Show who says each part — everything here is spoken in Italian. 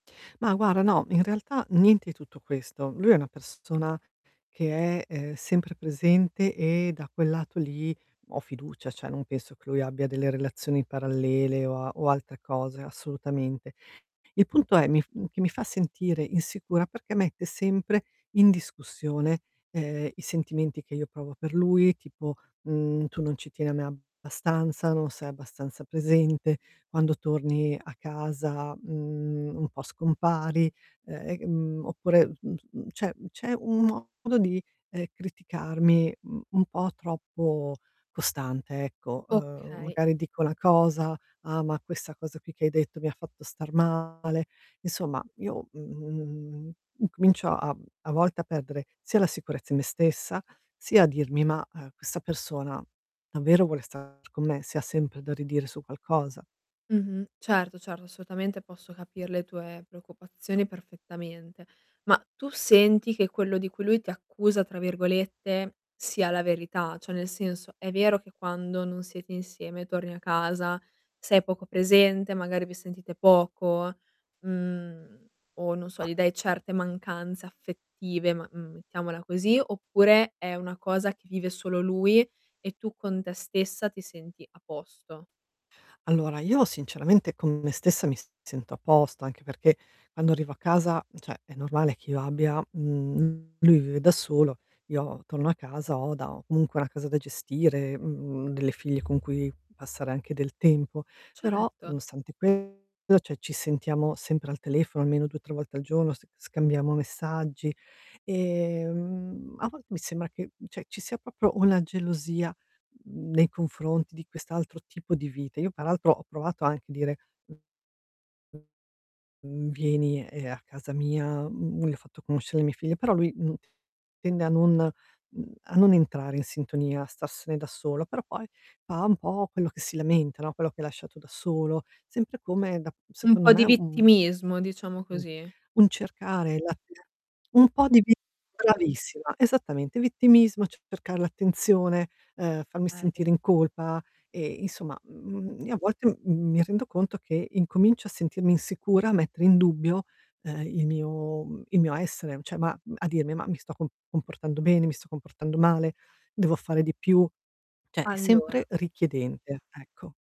Speaker 1: Ma guarda no, in realtà niente i tutto questo. Lui è una persona, che è, ehm, sempre presente e da quel lato lì ho fiducia, cioè non penso che lui abbia delle relazioni parallele o a o altre cose, assolutamente. Il punto è: mi f mhmm, che mi fa sentire insicura, perché mette sempre in discussione, ehm, i sentimenti che io provo per lui, tipo, mhmm: "Tu non ci tieni abbastanza, non sei abbastanza presente, quando torni a casa, mhmm, un po' scompari". Ehm, e mhmm, oppure, mhmm, mhmm, c'è c'è un modo di, ehm, criticarmi, uhm, un po' troppo costante, ecco. Ehm,
Speaker 2: Okay.
Speaker 1: magari dico una cosa: "Ah, ma questa cosa qui che hai detto mi fatto star male". Insomma io, mhmm, incomincio a a volte a perdere sia la sicurezza in me stessa, sia a dirmi: "Ma, ehm, questa persona davvero vuole stare con me, se ha sempre da ridire su qualcosa?".
Speaker 2: Mh-mh, certo certo, assolutamente, posso capir le tue preoccupazioni perfettamente. Ma tu senti che quello di cui lui ti "accusa" tra virgolette sia la verità? Cioè nel senso: è vero che quando non siete insieme torni a casa, sei poco presente, magari vi sentite poco, mhmm, o non so,
Speaker 1: Mah.
Speaker 2: gli dai certe mancanze affettive, ma mhmm, mettiamola così, oppure è una cosa che vive solo lui e tu con te stessa ti senti a posto?
Speaker 1: Allora, io sinceramente, con me stessa mi sento a posto, anche perché quando arrivo a casa, cioè è normale che io abbia mhmm, lui vive da solo, io torno a casa, ho da ho comunque una casa da gestire, mhmm, delle figlie con cui passare anche del tempo, però
Speaker 2: Certo.
Speaker 1: nonostante questo, cioè ci sentiamo sempre al telefono almeno 2, 3 volte al giorno, s scambiamo messaggi. Ehm, a volte mi sembra che cioè ci sia proprio una gelosia, mhmm, nei confronti di quest'altro tipo di vita. Io peraltro ho provato anche a dire mhmm: "Vieni, ehm, a casa mia", uhm, gli ho fatto conoscere mia figlia però lui n tende a non mhmm, a non entrare in sintonia, a starsene da solo, però poi fa un po' quello che si lamenta, no, quello che hai lasciato da solo, sempre come da
Speaker 2: Un
Speaker 1: secondo
Speaker 2: po'
Speaker 1: me,
Speaker 2: di
Speaker 1: un
Speaker 2: vittimismo, diciamo
Speaker 1: u-
Speaker 2: così.
Speaker 1: un cercare la [unintelligible] un po' di vi bravissima, esattamente. Vittimismo, c cercare l'attenzione, ehm, farmi
Speaker 2: Okay.
Speaker 1: sentire in colpa, e insomma, mhmm, io a volte, mhmm, mi rendo conto che incomincio a sentirmi insicura, a mettere in dubbio, ehm, il mio mhmm, il mio essere, cioè ma uhm, a dirmi :"Ma mi sto co comportando bene? Mi sto comportando male? Devo fare di più?" cioè è
Speaker 2: Allora
Speaker 1: sempre richiedente, ecco.